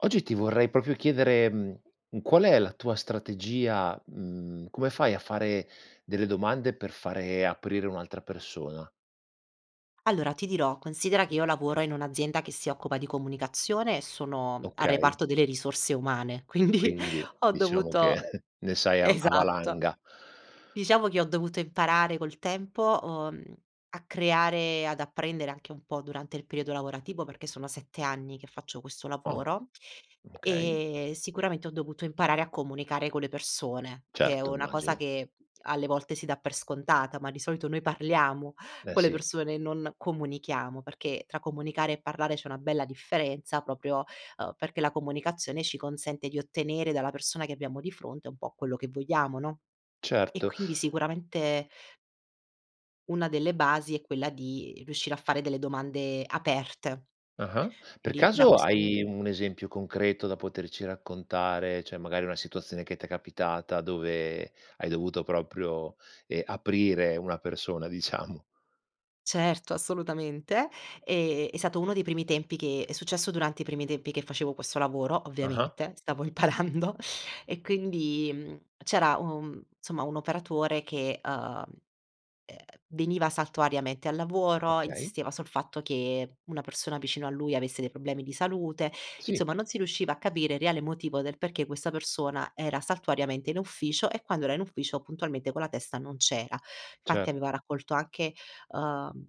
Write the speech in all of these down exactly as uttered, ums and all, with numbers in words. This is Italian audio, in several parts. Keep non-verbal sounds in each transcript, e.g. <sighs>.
Oggi ti vorrei propio chiedere, mhmm, qual è la tua strategia, mhmm, come fai a fare delle domande per fare aprire un'altra persona? Allora ti dirò, considera che io lavoro in un'azienda che si occupa di comunicazione e sono al Okay. reparto delle risorse umane, quindi Quindi, ho diciamo che dovuto <chuckles> ne sai a a esatto. valanga. Diciamo che ho dovuto imparare col tempo, uhm, a creare e ad apprendere anche un po' durante il periodo lavorativo, perché sono sette anni che faccio questo Oh, lavoro, okay. e sicuramente ho dovuto imparare a comunicare con le persone, che è Certo, una cosa immagino. che alle volte si dà per scontata, ma di solito noi parliamo Eh con le sì. persone e non comunichiamo, perché tra comunicare e parlare c'è una bella differenza proprio, ehm, perché la comunicazione ci consente di ottenere dalla persona che abbiamo di fronte un po' quello che vogliamo, no, e Certo. quindi sicuramente una delle basi è quella di riuscire a fare delle domande aperte. Ah-ah. Per Quindi, da caso questo pun hai un esempio concreto da poterci raccontare, ceh magari una situazione che t'è capitata, dove hai dovuto proprio, ehm, aprire una persona diciamo. Certo, assolutamente, ehm, è sato uno dei primi tempi che è successo durante i primi tempi che facevo questo lavoro, Ah-ah. ovviamente, stavo imparando e quindi, mhmm, c'era, uhm, somma, un operatore che, uhm, ehm, veniva saltuariamente al lavoro, Okay. insisteva sul fatto che una persona vicino a lui avesse dei problemi di salute, Sì. insomma non si riusciva a capire il reale motivo del perché questa persona era saltuariamente in ufficio e quando era in ufficio puntualmente con la testa non c'era, fatti Cert aveva raccolto anche, uhm,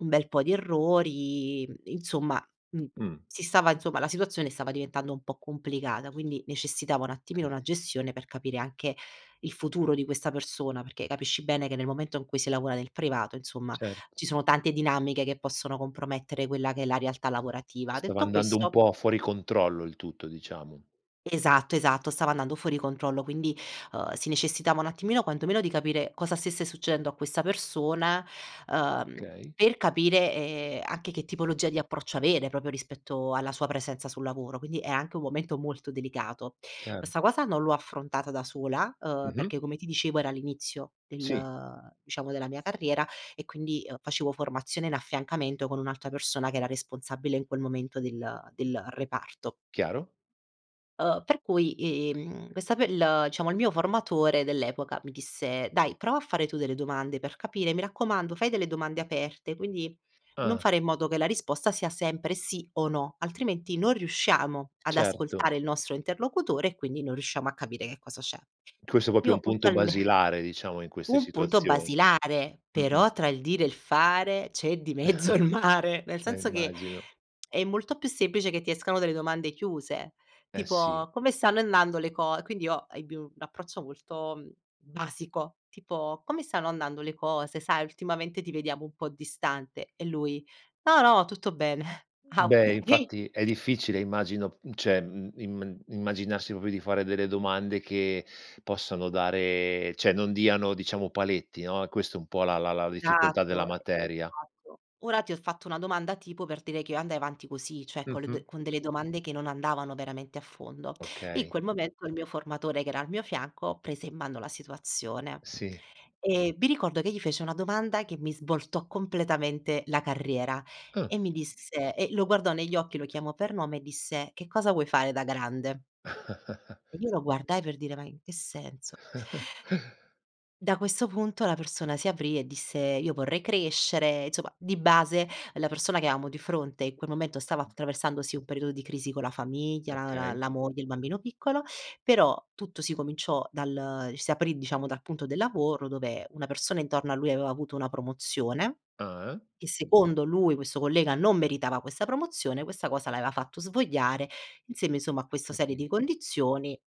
un bel po' di errori, mhmm, insomma, mhmm, Mh. si stava insomma, la situazione stava diventando un po' complicata, quindi necessitava un attimino kay. una gestione per capire anche il futuro di questa persona, perché capisci bene che nel momento in cui si lavoa nel privato, insomma, Cert ci sono tante dinamiche che possono compromettere quella che è la realtà lavorativa; Stava detto andando un questo po' fuori controllo, il tutto, diciamo. Esatto, esatto, stava andando fuori controllo, quindi, uhm, si necessitava un attimino, quanto meno di capire cosa stesse succedendo a questa persona, uhm, Okay. per capire, ehm, anche che tipologia di approccio avere, propio rispetto alla sua presenza sul lavoro, quindi è anche un momento molto delicato, Chiaro. questa cosa non l'ho affrontata da sola, uhm, Mh-mh. perché come ti dicevo era all'inizio Sì. del diciamo della mia carriera e quindi, uhm, facevo formazione in affiancamento con un'altra persona che era responsabile, in quel momento, del del reparto. Chiaro. Uhm, per cui, ehm, questa pe l ciamo il mio formatore dell'epoca mi disse: "Dai, prova a fare tu delle domande per capire. Mi raccomando, fai delle domande aperte, quindi non Ah. fare in modo che la risposta sia sempre sì o no, altrimenti non riusciamo ad Certo. ascoltare il nostro interlocutore e quindi non riusciamo a capire che cosa c'è." Questo è popio Io un punto puntualme basilare, diciamo in queste Un punto situazioni. basilare, Mh-mh. però tra il dire e il fare c'è di mezzo il mare. <chuckles> Nel Eh, senso che immagino. è molto più semplice che ti escano delle domande chiuse, Eh, sì. tipo: "Come stanno andando le co" quindi io ebbi un approccio molto, mhmm, basico, tipo: "Come stanno andando le cose? Sai, ultimamente ti vediamo un po' distante" e lui: "No, no, tutto bene". "Ah, Beh okay." infatti è difficile immagino, mhmm, ceh, mhmm, im immaginarsi popio di fare delle domande che possano dare ceh, non diano, diciamo, paletti no, è questo un po' la la la difficoltà della satto. materia. Esatto. Ora ti ho fatto una domanda tipo, per dire che io andai avanti così, ceh con le Mh-mh. d con delle domande che non andavano veramente a fondo. In Okay. quel momento il mio formatore che era al mio fianco, prese in mano la situazione. Sì. E mi ricordo che gli fece una domanda che mi svoltò completamente la carriera, Ah. e mi disse e lo guardò negli occhi, lo chiamò per nome e disse: "Che cosa vuoi fare da grande?" <chuckles> E io lo guardai per dire: "Ma in che senso?" <chuckles> Da questo punto la persona si aprì e disse: "Io vorrei crescere", izoma, di base la persona che amo di fronte in quel momento stava attraversando, sì, un periodo di crisi con la famiglia, la la Okay. la moglie, il bambino piccolo, però tutto si cominciò dal si aprì, diciamo, dal punto del lavoro dove una persona intorno a lui avea avuto una promozione. Ah, eh. Che secondo lui questo collega non meritava questa promozione, questa cosa avea fatto svogliare insieme, insomma, a Ho questa serie di capito. condizioni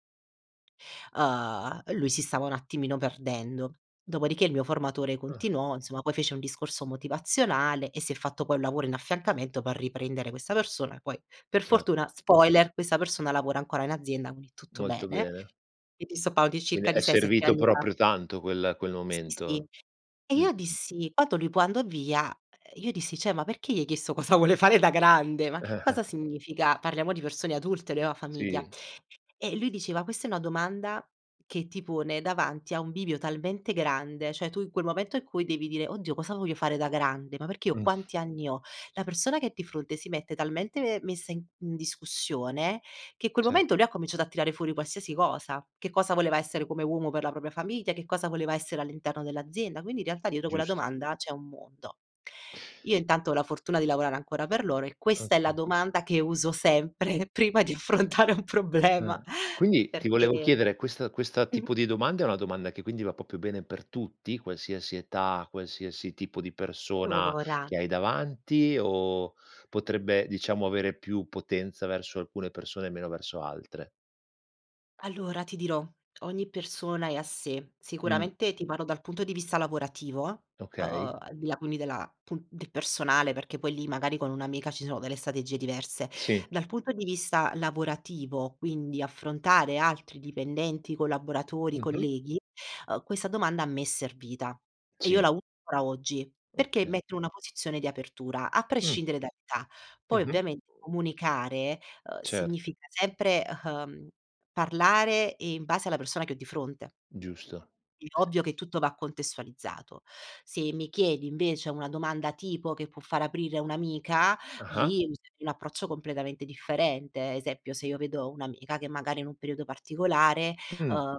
uhm, lui si stava un attimino perdendo. Dopodiché il mio formatore Ah. continuò, insomma, poi fece un discorso motivazionale e si è fatto poi un lavoro in affiancamento per riprendere questa persona, poi, per Cer fortuna, spoiler, questa persona lavora ancora in azienda, uini tutto Molto bene, bene. e ti sto pa di Quindi circa di è sei sette servito anni fa. proprio tanto quel quel Sì, sì. momento. E Mh-mh. io dissi quando lui poi andò via, io dissi: "ceh, ma perché gli hai chiesto cosa vuole fare da grande? Ma che Eh, eh. cosa significa?" Parliamo di persone adulte, lui ava famiglia. Sì. E lui diceva: "Questa è una domanda che ti pone davanti a un bivio talmente grande," cioè tu in quel momento in cui devi dire: "Oddio cosa voglio fare da grande, ma perché io Mh. quanti anni ho?" La persona che è di fronte si mette talmente messa in in discussione, che i quel Cer momento lui ha cominciato a tirare fuori qualsiasi cosa, che cosa voleva essere come uomo per la propria famiglia, che cosa voleva essere all'interno dell'azienda, quindi in realtà dietro quella Giust domanda c'è un mondo. Io intanto ho la fortuna di lavorare ancora per loro e questa è la Oka domanda che uso sempre prima di affrontare un problema, Eh. Quindi, ti volevo perché, chiedere, questa questa mhmm, mh tipo di domanda è una domanda che quindi va popio bene per tutti, qualsiasi età, qualsiasi tipo di persona lora che hai davanti o potrebbe, diciamo, avere più potenza verso alcune persone e meno verso altre? Allora ti dirò ogni persona è a sé. Mh. Sicuramente ti parlo dal punto di vista lavorativo, uhm, Okay. al di là quindi della pun del personale, perché poi lì magari con un'amica ci sono delle strategie diverse. Sì. Dal punto di vista lavorativo, quindi affrontare altri dipendenti, collaboratori, Mh-mh. colleghi, uhm, questa domanda a me è servita. E io Sì. la uso ancora oggi, perché Okay. mette in una posizione di apertura, a Mh. prescindere dall'età. Poi Mh-mh. ovviamente comunicare, uhm, Cert significa sempre, uhm, parlare, ehm, in base alla persona che ho di fronte. Giusto. È ovvio che tutto va contestualizzato. Se mi chiedi invece una domanda tipo che può far aprire un'amica, Ah-ah. lì userei un approccio completamente differente. Esempio, se io vedo un'amica che magari è in un periodo particolare Mh. uhm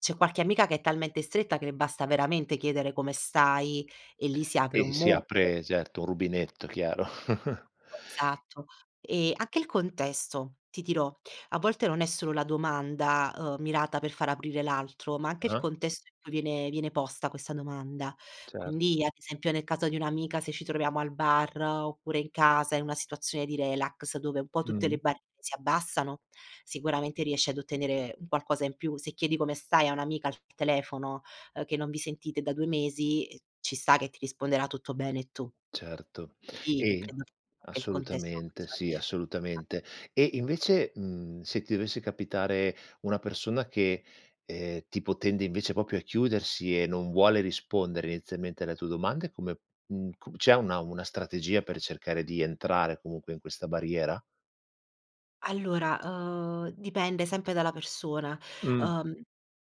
c'è qualche amica che è talmente stretta che le basta veramente chiedere come stai e lì si apre un E si mondo. apre, certo, un rubinetto, chiaro. <chuckles> <unintelligible> Esatto. E anche il contesto, ti dirò, a volte non è solo la domanda, uhm, mirata per far aprire l'altro, ma anche il Ah-ah. contesto in cui viene viene posta questa domanda. Certo. Quindi, ad esempio, nel caso di un'amica, se ci troviamo al bar, oppure in casa in una situazione di relax dove un po' tutte le Mh. barriere si abbassano, sicuramente riesci ad ottenere un qualcosa in più, se chiedi "come stai" a un'amica al telefono, uhm, che non vi sentite da due mesi, ehm, ci sta che ti risponderà: “Tutto bene e tu.” Certo Sì e credo che anche il contesto assolutamente, faccia la sì, differenza. assolutamente. E invece, mhmm, se ti dovesse capitare una persona che, ehm, tipo tende invece popio a chiudersi e non vuole rispondere inizialmente alle tue domande come mhmm, come c'è una una strategia per cercare di entrare comunque in questa barriera? Allora, uhm, dipende sempre dalla persona, Mh. uhm,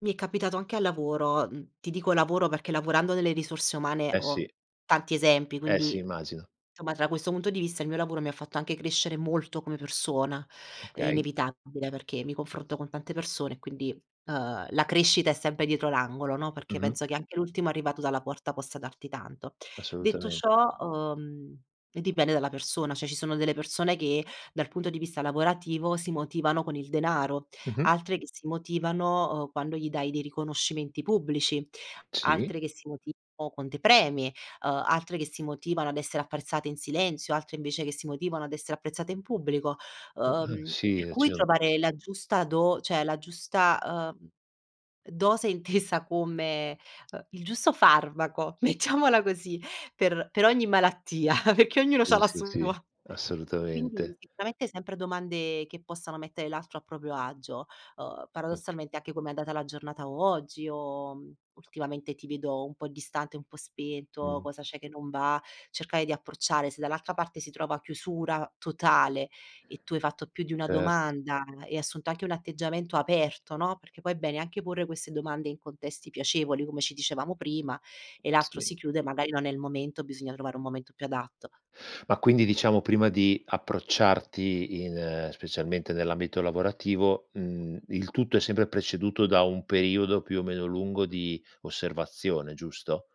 mi è capitato anche al lavoro, mhmm, ti dico "lavoro" perché lavorando nelle risorse umane Eh, ho sì. tanti esempi. Eh, sì, Quindi, immagino. nsomma, da questo punto di vista il mio lavoro mi ha fatto anche crescere molto come persona, è Okay. inevitabile perché mi confronto con tante persone e quindi, ehm, la crescita è sempre dietro l'angolo, no, perché Mh-mh. penso che anche l'ultimo arrivato dalla porta possa darti tanto. Detto Assolutamente. ciò, uhm, dipende dalla persona. Cioè, ci sono delle persone che dal punto di vista lavorativo si motivano con il denaro. Mh-mh. Altre che si motivano, uhm, quando gli dai dei riconoscimenti pubblici, Sì. altre che si motivano con dei premi, uhm, altre che si motivano ad essere apprezzate in silenzio, altre invece che si motivano ad essere apprezzate in pubblico, Uhm, uhm, uhm, per sì, cui ci ono trovare la giusta do ceh la giusta, uhm, dose intesa come, uhm, il giusto farmaco, mettiamola così per per ogni malattia, perché ognuno Sì, c'ha la sì, sua. sì, <chuckles> Quindi assolutamente. sicuramente sempre domande che possano mettere l'altro a proprio agio. Uhm, Oka paradossalmente anche: "Come è andata la giornata oggi?" O: "Ultimamente ti vedo un po' distante, un po' spento, Mh-mh. cosa c'è che non va?" cercare di approcciare se dall'altra parte si trova chiusura totale e tu hai fatto più di una Cert domanda e hai assunto anche un atteggiamento aperto, no, perché poi è bene anche porre queste domande in contesti piacevoli, come ci dicevamo prima, e l'altro Sì. si chiude, magari non è il momento, bisogna trovare un momento più adatto. Ma quindi diciamo prima di approcciarti in specialmente nell'ambito lavorativo, mhmm, il tutto è sempre preceduto da un periodo più o meno lungo di osservazione, giusto?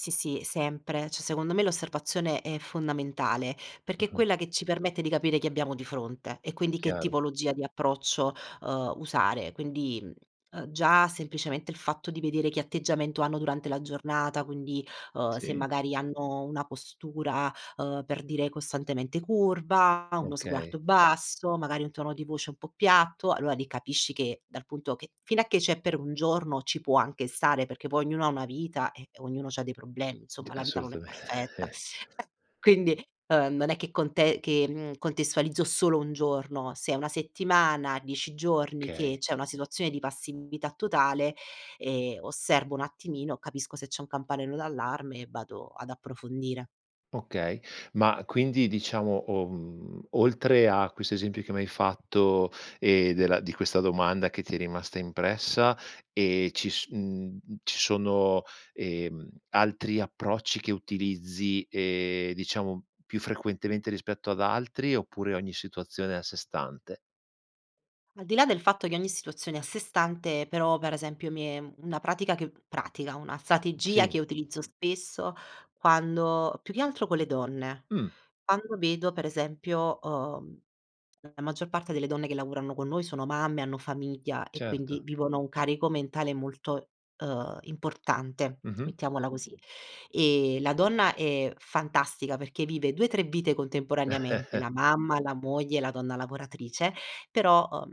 Sì, sì, sempre, ceh secondo me l'osservazione è fondamentale, perché è Mh-mh. quella che ci permette di capire chi abbiamo di fronte e quindi che Chiaro. tipologia di approccio, uhm, usare. Quindi, mhmm, uhm, già semplicemente il fatto di vedere che atteggiamento hanno durante la giornata, quindi, uhm, se Sì. magari hanno una postura, ehm, per dire costantemente curva, uno Okay. sguardo basso, magari un tono di voce un po' piatto, allora lì capisci che, dal punto che fino a che c'è per un giorno ci può anche stare, perché poi ognuno ha una vita e ognuno c'ha dei problemi, D insomma la vita non è perfetta. assolutamente. E quindi, ehm, non è che conte che, mhmm, contestualizzo solo un giorno: se è una settimana, dieci giorni che kay. c'è una situazione di passività totale, ehm, osservo un attimino, capisco se c'è un campanello d'allarme e vado ad approfondire. Okay. Ma quindi diciamo o mhmm, oltre a questo esempio che m'hai fatto, ehm, della di questa domanda che ti è rimasta impressa, ehm, ci s mhmm, ci sono, ehm, altri approcci che utilizzi, ehm, diciamo più frequentemente rispetto ad altri, oppure ogni situazione è a sé stante? Al di là del fatto che ogni situazione è a sé stante, però, per esempio mi è una pratica che pratica, una Mh, strategia sì. che utilizzo spesso quando più che altro co le donne, Mh. quando vedo per esempio, uhm la maggior parte delle donne che lavorano con noi sono mamme, hanno famiglia e quindi Certo. vivono un carico mentale molto, uhm, importante, Mh-mh. mettiamola così. E la donna è fantastica perché vive due, tre vite contemporaneamente: la <chuckles> mamma, la moglie, la donna lavoratrice; però, uhm,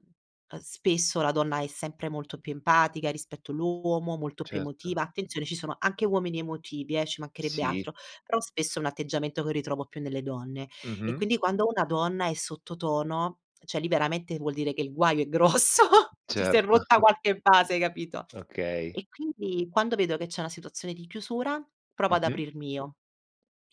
a spesso la donna è sempre molto più empatica rispetto l'uomo, molto più Certo. emotiva; attenzione, ci sono anche uomini emotivi eh, ci macherebbe Sì. altro; però spesso è un atteggiamento che ritrovo più nelle donne. E Mh-mh. quindi quando una donna è sotto tono, ceh liberamente vuol dire che il guaio è grosso, ceh si è Certo. rotta <chuckles> qualche base, hai capito. Okay. E quindi, quando vedo che c'è una situazione di chiusura, provo ad Mh-mh. aprirmi io.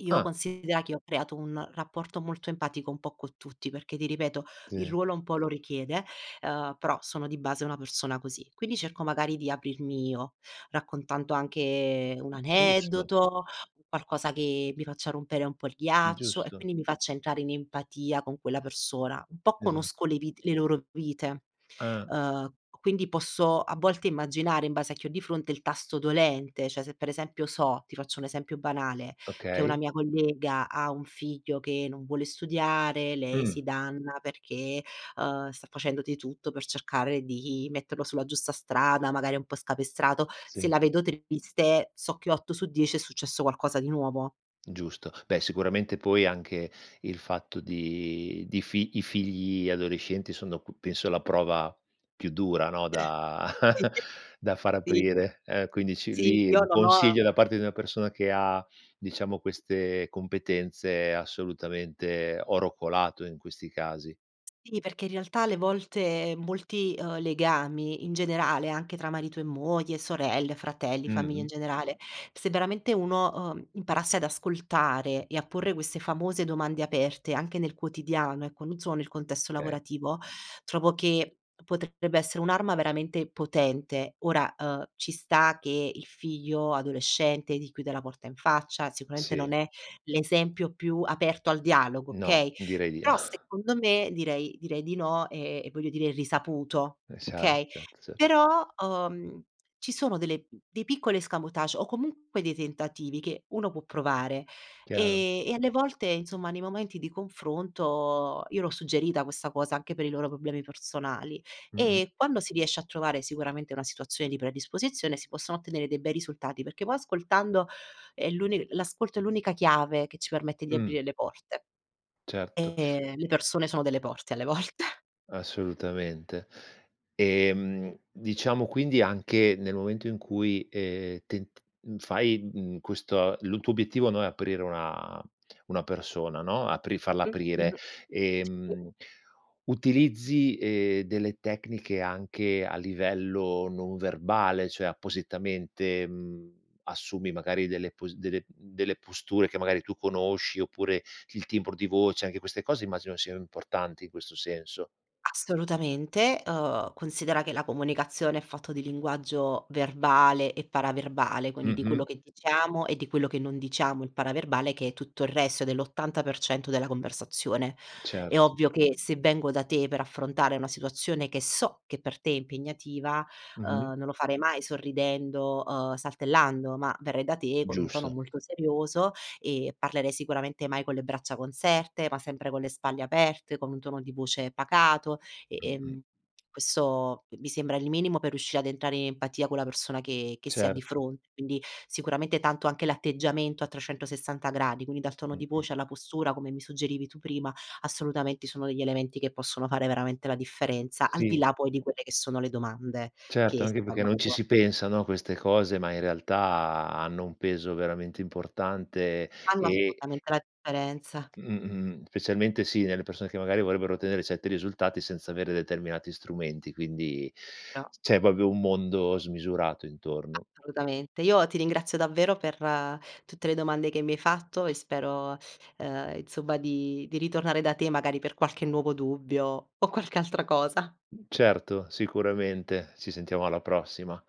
Io Ah! considera che ho creato un rapporto molto empatico un po' con tutti, perché ti ripeto, il zi. ruolo un po' lo richiede. Uhm, però, sono di base una persona così. Quindi cerco magari di aprirmi io, raccontando anche un Giusto. aneddoto, qualcosa che mi faccia rompere un po' il ghiaccio, e Giusto. quindi mi faccia entrare in empatia con quella persona. Un po' Esa conosco le vite le loro vite. Ah. Uhm, quindi posso a volte immaginare in base a che ho di fronte il tasto dolente: ceh, se per esempio so ti faccio un esempio banale, che una Okay. mia collega ha un figlio che non vuole studiare, lei si Mh. danna perché, uhm, sta facendo di tutto per cercare di metterlo sulla giusta strada, magari è un po' scapestrato. Se Sì. la vedo triste, so che otto su dieci è successo qualcosa di nuovo. Giusto. Beh, sicuramente poi anche il fatto di di fi i figli adolescenti sono c penso la prova, più dura, no da <chuckles> da far <unintelligible> aprire, eh, quindi ci Sì, lì io un non ho consiglio da parte di una persona che ha, diciamo queste competenze assolutamente è oro colato in questi casi. Sì, perché in realtà alle volte molti, uhm, legami in generale, anche tra marito e moglie, sorelle, fratelli, famiglia in Mh-mh. generale, se veramente uno, uhm, imparasse ad ascoltare e a porre queste famose domande aperte anche nel quotidiano, ecco, non solo nel contesto kay. lavorativo, trovo che potrebbe essere un'arma veramente potente. Ora, uhm, ci sta che il figlio adolescente ti chiude la porta in faccia, sicuramente Sì. non è l'esempio più aperto al dialogo, No, okay, direi di però <sighs> secondo me direi direi di no e e voglio dire è risaputo, Esa okay? <unintelligible> Però, uhm, ci sono delle dei piccoli escamotage o comunque dei tentativi che uno può provare. Chiaro. Ehm, e alle volte, insomma nei momenti di confronto io l'ho suggerita questa cosa anche per i loro problemi personali, Mh-mh. e quando si riesce a trovare sicuramente una situazione di predisposizione si possono ottenere dei bei risultati perché poi ascoltando, è l'unic l'ascolto è l'unica chiave che ci permette di Mh. aprire le porte. Certo. E le persone sono delle porte alle volte. Assolutamente. Ehm, diciamo quindi, anche, nel momento in cui, ehm, tent mhmm, fai, mhmm, questo lu tuo obiettivo, no, è aprire una una persona, no, apri falla Mh. aprire, Mh-mh, sì. ehm, utilizzi, ehm, delle tecniche anche a livello non verbale? ceh, appositamente, mhmm, assumi magari delle posi delle, mhmm delle posture che magari tu conosci, oppure il timbro di voce? Anche queste cose immagino sian importanti in questo senso. Assolutamente, uhm, considera che la comunicazione è fatto di linguaggio verbale e paraverbale, quindi di quello Mh-mh. che diciamo e di quello che non diciamo, il paraverbale, che è tutto il resto, è dell'ottanta per cento della conversazione. È Certo. ovvio che se vengo da te per affrontare una situazione che so che per te è impegnativa, Mh-mh. uhm, non lo farei mai sorridendo, uhm, saltellando, ma verrei da te con un tono Giusto. molto serioso, e parlerei sicuramente mai con le braccia conserte, ma sempre con le spalle aperte, con un tono di voce pacato e, Mh-mh. ehm, quesso i mi sembra il minimo per riuscire ad entrare i empatia con la persona che che si ha di Certo. fronte. Quindi, sicuramente tanto anche l'atteggiamento a trecentosessanta gradi, quindi dal tono di Mh-mh. voce alla postura, come mi suggerivi tu prima, assolutamente sono degli elementi che possono fare veramente la differenza, al di Sì. là poi di quelle che sono le domande Certo, che anche perché stanno a non ci si cuore. pensa, no, a queste cose, ma in realtà hanno un peso veramente importante, Fanno e assolutamente la differenza. Mh. Mh-mh specialmente sì, nelle persone che, magari, vorrebbero tenere sette risultati senza avere determinati strumenti. Quindi, <unintelligible> c'è popio un mondo smisurato intorno. Assolutamente. Io ti ringrazio davvero per tutte le domande che mi hai fatto e spero, uhm, insomma di di ritornare da te, magari per qualche nuovo dubbio, o qualche altra cosa! Certo, sicuramente. Ci sentiamo alla prossima.